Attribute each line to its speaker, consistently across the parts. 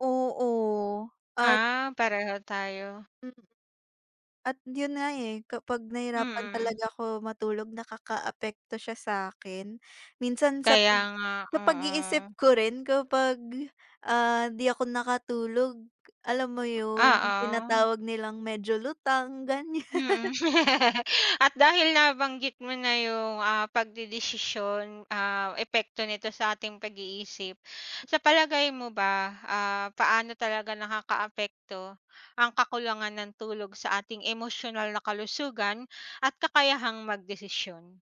Speaker 1: Oo at
Speaker 2: Ah, pareho tayo.
Speaker 1: Mm. At yun nga, eh, kapag nahirapan
Speaker 2: Mm.
Speaker 1: talaga ko matulog nakakaapekto siya sa'kin minsan sa
Speaker 2: Kaya
Speaker 1: pag
Speaker 2: nga,
Speaker 1: sa pag-iisip
Speaker 2: oo.
Speaker 1: ko rin kapag, ah, di ako nakatulog alam mo yun yung
Speaker 2: Oo.
Speaker 1: tinatawag nilang medyo lutang, ganyan.
Speaker 2: Mm. At dahil nabanggit mo na yung ah pagdedesisyon, ah, epekto nito sa ating pag-iisip sa palagay mo ba, ah, paano talaga nakakaapekto ang kakulangan ng tulog sa ating emosyonal na kalusugan at kakayahang magdesisyon?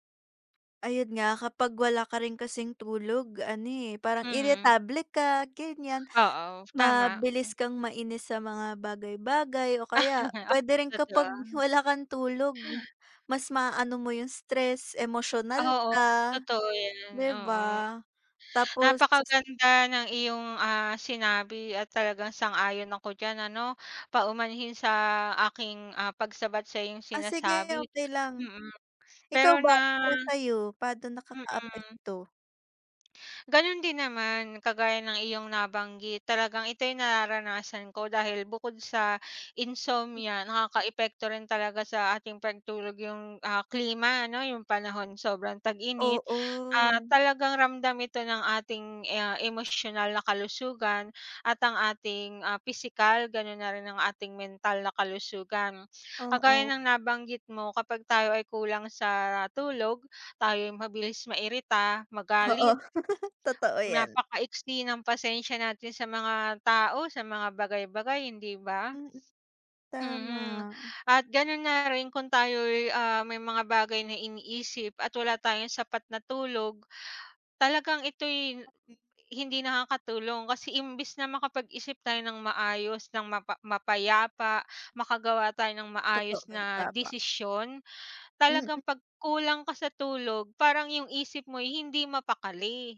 Speaker 1: Ayun nga kapag wala ka rin kasing tulog ano, eh, parang
Speaker 2: Mhm.
Speaker 1: iritable ka, ganyan
Speaker 2: Oo, tama,
Speaker 1: mabilis
Speaker 2: mm.
Speaker 1: kang mainis sa mga bagay-bagay o kaya
Speaker 2: Oo.
Speaker 1: pwede rin kapag
Speaker 2: totoo.
Speaker 1: wala kang tulog mas maano mo yung stress emosyonal
Speaker 2: Oo
Speaker 1: ka,
Speaker 2: totoo yan,
Speaker 1: di
Speaker 2: oo.
Speaker 1: ba? Tapos
Speaker 2: Napakaganda ng iyong, ah, sinabi at talagang sang-ayon ako diyan ano paumanhin sa aking, ah, pagsabat sa iyong
Speaker 1: Ah, sige
Speaker 2: sinasabi,
Speaker 1: okey lang.
Speaker 2: mm,
Speaker 1: Ikaw
Speaker 2: pero
Speaker 1: ba,
Speaker 2: nga
Speaker 1: para sa'yo paano
Speaker 2: Mm.
Speaker 1: nakakaapekto?
Speaker 2: Ganun din naman kagaya ng iyong nabanggit talagang ito'y nararanasan ko dahil bukod sa insomnia nakakaapekto rin talaga sa ating pagtulog yung, ah, klima ano yung panahon sobrang tag-init ah
Speaker 1: Oo.
Speaker 2: talagang ramdam ito ng ating, ah, emosyonal na kalusugan at ang ating ah pisikal ganun na rin ang ating mental na kalusugan. Kagaya
Speaker 1: Oo.
Speaker 2: ng nabanggit mo kapag tayo ay kulang sa tulog tayo'y mabilis mairita
Speaker 1: Oo,
Speaker 2: magalit.
Speaker 1: totoo yan.
Speaker 2: Napaka-iksi ng pasensya natin sa mga tao sa mga bagay-bagay, hindi ba?
Speaker 1: Mm,
Speaker 2: Mm,
Speaker 1: tama.
Speaker 2: at ganun na rin kung tayo'y, ah, may mga bagay na iniisip at wala tayong sapat na tulog talagang ito'y hindi nakakatulong kasi imbis na makapag-isip tayo ng maayos ng mapa mapayapa makagawa tayo ng
Speaker 1: Totoo,
Speaker 2: maayos na
Speaker 1: tama.
Speaker 2: desisyon
Speaker 1: Mm.
Speaker 2: talagang pag kulang ka sa tulog parang yung isip mo'y hindi mapakali.